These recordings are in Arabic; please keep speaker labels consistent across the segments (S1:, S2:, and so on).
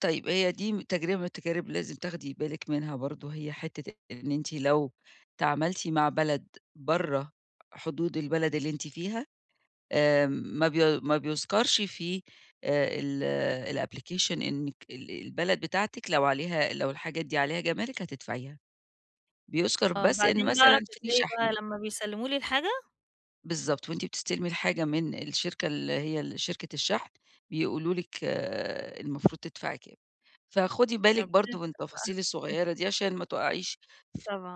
S1: طيب، هي دي م تجربة من التجارب لازم تاخدي بالِك منها برضه، هي حتّة إن أنتِ لو تعامَلتِ مع بلد برّه حدود البلد اللي أنتِ فيها، آمم ما بي ما بيُذكَرش فيه آآ ال الapplication إنِّك ال البلد بتاعتِك لو عليها لو الحاجات دي عليها جَمارِك، هتدفعيها. بيُذكَر
S2: آه،
S1: بس إن
S2: بعدين بقى
S1: مثلًا
S2: مش
S1: فيه
S2: زي بقى
S1: شَحْن.
S2: لمّا بيسلِّموا لي الحاجة؟
S1: بالضبط، وأنتِ بتستلمي الحاجة من الشركة اللي هي ال شركة الشَحْن، بيقولوا لِك المفروض تدفعي كام. فخُدي بالِك
S2: ربنا
S1: برضه من
S2: يستر
S1: التفاصيل
S2: بقى.
S1: الصغيرة دي عشان ما تُقعيش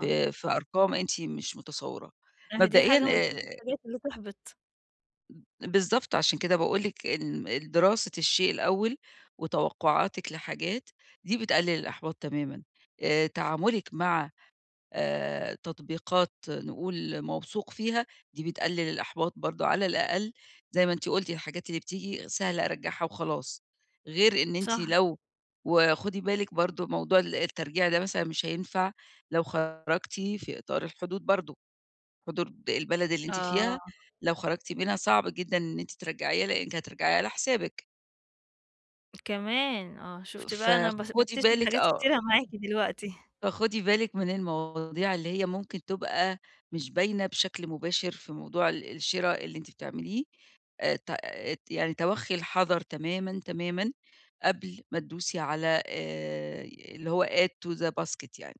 S1: ف في في أرقام أنتِ مش متصوّراها.
S2: ما هي دي
S1: مبدئيًا
S2: حاجة من ضمن
S1: آآ
S2: الحاجات اللي تحبِط.
S1: بالضبط، عشان كده باقول لِك ال الدراسة الشيء الأول وتوقُّعاتِك لحاجات، دي بتقلِّل الإحباط تمامًا. آآ تعامُلِك مع آآ تطبيقات نقول موثوق فيها، دي بتقلِّل الإحباط برضه على الأقل زي ما أنتِ قُلت الحاجات اللي بتيجي سهلة أرجّعها وخلاص. غير إن أنتِ
S2: صح.
S1: لو وخُدي بالكِ برضه موضوع ال الترجيع ده مثلًا مش هينفع، لو خرجتِ في إطار الحدود برضه. حدود البلد اللي أنتِ فيها،
S2: آه.
S1: لو خرجتِ منها، صعب جدًا إن أنتِ ترجّعيها لإنِّك هترجّعيها على حسابِك.
S2: كمان! آه، شُفتِ بقى أنا بس
S1: فخُدي
S2: باكتشف
S1: بالِك
S2: حاجات
S1: آه.
S2: كتيرة معاكِ دلوقتي.
S1: فخُدي بالِك من المواضيع اللي هي ممكن تبقى مش باينة بشكل مباشر في موضوع ال الشِرا اللي أنتِ بتعمليه. آآ ت ات يعني تَوَخّي الحَذر تمامًا، تمامًا قبل ما تدوسي على آآ اللي هو add to the basket يعني.